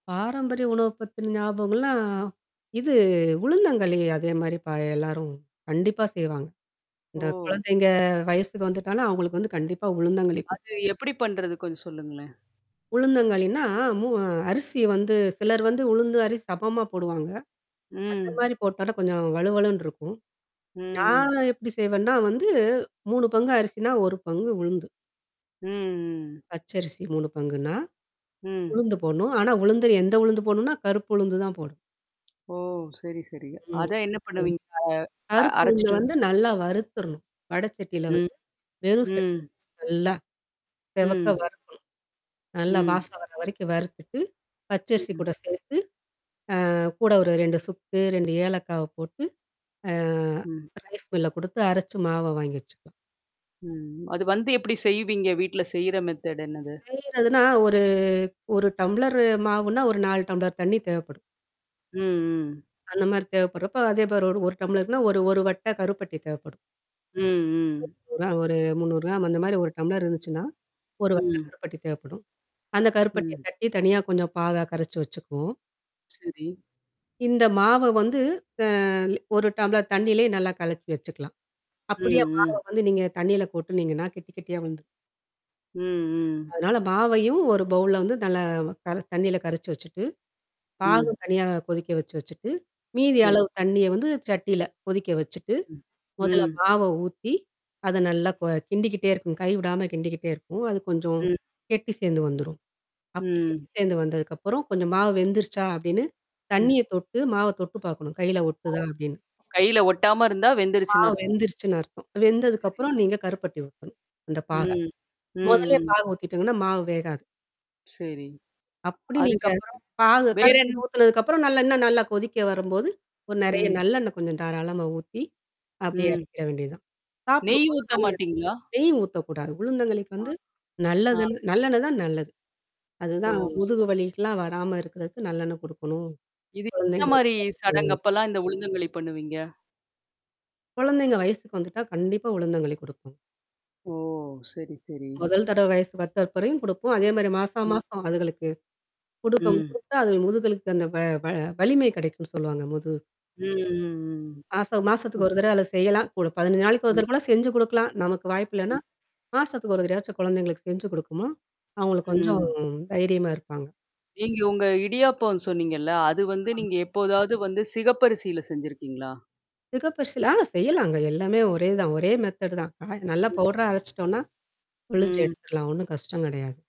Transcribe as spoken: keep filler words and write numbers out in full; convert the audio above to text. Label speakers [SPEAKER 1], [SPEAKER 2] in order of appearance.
[SPEAKER 1] பாரம்பரிய உணவு பத்தின ஞாபகங்கள்னா? இது உளுந்தங்கழி அதே மாரி ப எல்லாரும் கண்டிப்பா செய்வாங்க. இந்த
[SPEAKER 2] ஓ!
[SPEAKER 1] குழந்தைங்க வயசுக்கு வந்துட்டாலும் அவங்களுக்கு வந்து கண்டிப்பா உளுந்தங்களி குடுப்
[SPEAKER 2] அது எப்படி பண்றது கொஞ்சம் சொல்லுங்களேன்?
[SPEAKER 1] உளுந்தங்கழின்னா, மூ அரிசி வந்து சிலர் வந்து உளுந்து அரிசி சமமா போடுவாங்க. அந்த
[SPEAKER 2] ம்.
[SPEAKER 1] மாரி போட்டழு கொஞ்சம் வழுவழுன்னு இருக்கும்.
[SPEAKER 2] ம்.
[SPEAKER 1] நான் எப்படி செய்வேன்னா வந்து மூணு பங்கு அரிசினா, ஒரு பங்கு உளுந்து.
[SPEAKER 2] ம்.
[SPEAKER 1] பச்சரிசி மூணு பங்குன்னா.
[SPEAKER 2] ம்.
[SPEAKER 1] உளுந்து போடணும். ஆனா, உளுந்து எந்த உளுந்து போடணுனா? கருப்பு உளுந்து தான் போடணும்.
[SPEAKER 2] ஓ! சரி சரிங்க.
[SPEAKER 1] ம்.
[SPEAKER 2] அத என்ன
[SPEAKER 1] ம்.
[SPEAKER 2] பண்ணுவீங்க? அ அ
[SPEAKER 1] கருப்புளுந்த
[SPEAKER 2] அரச்சுட்டு.
[SPEAKER 1] வந்து நல்லா வறுத்துறணும். வடச்சட்டியில
[SPEAKER 2] ம்.
[SPEAKER 1] வந்து. வெறும் சட்டில.
[SPEAKER 2] ம்.
[SPEAKER 1] நல்லா. செவக்க
[SPEAKER 2] ம்.
[SPEAKER 1] வறுக்கணும். நல்ல
[SPEAKER 2] ம்.
[SPEAKER 1] வாசன வர வரைக்கும் வறுத்துட்டு. பச்சரிசி கூட
[SPEAKER 2] ம்.
[SPEAKER 1] சேத்து. அ கூட ஒரு ரெண்டு சுக்கு, ரெண்டு ஏலக்காவ போட்டு. ஆ.
[SPEAKER 2] ம்.
[SPEAKER 1] ரைஸ் மில்ல குடுத்து அரச்சு மாவா வாங்கி வச்சுக்கணும்.
[SPEAKER 2] ம். அது வந்து எப்படி செய்வீங்க? வீட்ல செய்ற மெத்தேடு் என்னது?
[SPEAKER 1] செய்றதுன்னா, ஒரு ஒரு ஒரு டம்ளரு மாவுன்னா, ஒரு நாலு டம்ளர் தண்ணீ தேவைப்படும்.
[SPEAKER 2] ம். ம்.
[SPEAKER 1] அந்த மாரி தேவைப்படுறப்ப. அதே மாரி ஒரு ஒரு டம்ளருனா, ஒரு ஒரு வட்ட கருப்பட்டி தேவைப்படும்.
[SPEAKER 2] ம், ம்.
[SPEAKER 1] ஒரா ஒரு முந்நூறு கிராம் அந்த மாரி ஒரு டம்ளர் இருந்துச்சுன்னா. ஒரு
[SPEAKER 2] ம்.
[SPEAKER 1] வட்டக்கருப்பட்டி தேவைப்படும். அந்த கருப்பட்டிய
[SPEAKER 2] ம்.
[SPEAKER 1] தட்டி தனியா கொஞ்சம் பாகா கரச்சு வச்சுக்குவோம்.
[SPEAKER 2] சரி.
[SPEAKER 1] இந்த மாவ வந்து அ ஒரு டம்ளர் தண்ணீலே நல்லா கலச்சு வச்சுக்கலாம்.
[SPEAKER 2] ம்,
[SPEAKER 1] அப்படியே மாவ
[SPEAKER 2] ம்.
[SPEAKER 1] வந்து நீங்க தண்ணீல கொட்டுனீங்கன்னா கெட்டி கெட்டியா வந்துரும்.
[SPEAKER 2] ம், ம்.
[SPEAKER 1] அதனால பாவையும், ஒரு பவுல்ல வந்து நல்ல க தண்ணீல கரைச்சு வச்சுட்டு. பாகு
[SPEAKER 2] ம்.
[SPEAKER 1] தனியா கொதிக்க வச்சு வச்சுட்டு,
[SPEAKER 2] சரி.
[SPEAKER 1] மீதியளவு தண்ணிய வந்து சட்டில கொதிக்க வச்சுட்டு.
[SPEAKER 2] ம்.
[SPEAKER 1] மொதல்ல
[SPEAKER 2] ம்.
[SPEAKER 1] பாவ ஊத்தி. அது நல்லா கோ கிண்டிக்கிட்டே இருக்கும். கை விடாம கிண்டிக்கிட்டே இருக்கும். அது கொஞ்சம்.
[SPEAKER 2] ம்.
[SPEAKER 1] கெட்டி சேர்ந்து வந்துரும். அப்படி
[SPEAKER 2] ம்.
[SPEAKER 1] கெட்டி சேர்ந்து வந்ததுக்கப்புறம் கொஞ்சம் மாவு வெந்துருச்சா? அப்டின்னு.
[SPEAKER 2] ம்.
[SPEAKER 1] தண்ணிய தொட்டு, மாவ தொட்டு பார்க்கணும். கையில
[SPEAKER 2] ஓ
[SPEAKER 1] ஒட்டுதா அப்டின்னு.
[SPEAKER 2] கையில ஒட்டாம இருந்தா வெந்துருச்சுன்னு
[SPEAKER 1] பாவு
[SPEAKER 2] அர்த்தம்.
[SPEAKER 1] வெந்துருச்சுன்னு அர்த்தம்.
[SPEAKER 2] சரி.
[SPEAKER 1] வெந்ததுக்கப்புறம் நீங்க கருப்பட்டிய ஊத்தணும். அந்த பாக.
[SPEAKER 2] ம். ம்.
[SPEAKER 1] மொதல்லே
[SPEAKER 2] ம்.
[SPEAKER 1] பாக ஊத்திட்டோங்கன்னா, மாவு வேகாது.
[SPEAKER 2] சரி.
[SPEAKER 1] அப்படி நீங்க
[SPEAKER 2] அதுக்கப்புறம்.
[SPEAKER 1] பாகு கருப்பட்டி
[SPEAKER 2] வேறென்ன?
[SPEAKER 1] ஊத்துனதுக்கப்புறம் நல்ல இன்ன நல்லா கொதிக்க வரும்போது. ஓ நெறைய
[SPEAKER 2] ம்.
[SPEAKER 1] நல்லெண்ணெய் கொஞ்சம் தாராளமா ஊத்தி. அப்படியே
[SPEAKER 2] ம்.
[SPEAKER 1] எறக்கிற வேண்டியதான். சாப்பிட
[SPEAKER 2] நெய்
[SPEAKER 1] போல
[SPEAKER 2] ஊத்த
[SPEAKER 1] நல்லது.
[SPEAKER 2] மாட்டீங்களா?
[SPEAKER 1] நெய் ஊத்தக்கூடாது. உளுந்தங்களிக்கு
[SPEAKER 2] ஆ.
[SPEAKER 1] வந்து.
[SPEAKER 2] ஆ.
[SPEAKER 1] நல்லதுன் நல்லெண்ணெய் தான் நல்லது.
[SPEAKER 2] ஓ!
[SPEAKER 1] அதுதான்
[SPEAKER 2] சரி
[SPEAKER 1] முதுகு
[SPEAKER 2] சரி.
[SPEAKER 1] வலிக்கலாம் வராம இருக்கறதுக்கு நல்லெண்ணெய் குடுக்கணும்.
[SPEAKER 2] இது எந்த மாரி
[SPEAKER 1] குழந்தைங்களுக்கு சொல்லுங்க.
[SPEAKER 2] சடங்கப்பல்லாம் இந்த உளுந்தங்களி பண்ணுவீங்க?
[SPEAKER 1] குழந்தைங்க வயசுக்கு வந்துட்டா கண்டிப்பா உளுந்தங்களி குடுப்பாங்க.
[SPEAKER 2] ஓ! சரி சரி.
[SPEAKER 1] முதல் தடவைவயசு வந்தப்பயும் குடுப்போம். அதே மாரி மாசா
[SPEAKER 2] ம்.
[SPEAKER 1] மாசம் அதுகளுக்கு? குடுக்கம்
[SPEAKER 2] ம்.
[SPEAKER 1] குடுத்தா அது முதுகளுக்கு அந்த வ வ வலிமை கிடைக்கும்ன்னு சொல்லுவாங்க முது
[SPEAKER 2] ம் ம்,
[SPEAKER 1] மாசா
[SPEAKER 2] ம்.
[SPEAKER 1] மாசத்துக்கு
[SPEAKER 2] ம்.
[SPEAKER 1] ஒரு தடவ அது செய்யலாம். கூட பதினஞ்சு நாளைக்கு ஒரு
[SPEAKER 2] ம்.
[SPEAKER 1] தடவ கூட செஞ்சு குடுக்கலாம். நமக்கு வாய்ப்பு இல்லன்னா.
[SPEAKER 2] ம்.
[SPEAKER 1] மாசத்துக்கு ஒரு தடவயாச்சும் குழந்தைங்களுக்கு செஞ்சு குடுக்கணும். அவங்களுக்கு கொஞ்சம்
[SPEAKER 2] ம்.
[SPEAKER 1] தைரியமா இருப்பாங்க.
[SPEAKER 2] நீங்க உங்க இடியாப்பம் சொன்னீங்கல்ல? அது வந்து
[SPEAKER 1] [unintelligible]
[SPEAKER 2] நீங்க எப்போதாவது வந்து சிகப்பரிசியில செஞ்சிருக்கீங்களா?
[SPEAKER 1] சிகப்பரிசில. ஆ செய்யலாங்க. எல்லாமே ஒரே தான். ஒரே மெத்தேடு தான். ஹ நல்லா
[SPEAKER 2] ம்.
[SPEAKER 1] பவுடரா அரச்சுட்டோனா. புளிஞ்சு
[SPEAKER 2] ம்.
[SPEAKER 1] எடுத்துரலாம். ஒண்ணும் கஷ்டம் கெடையாது.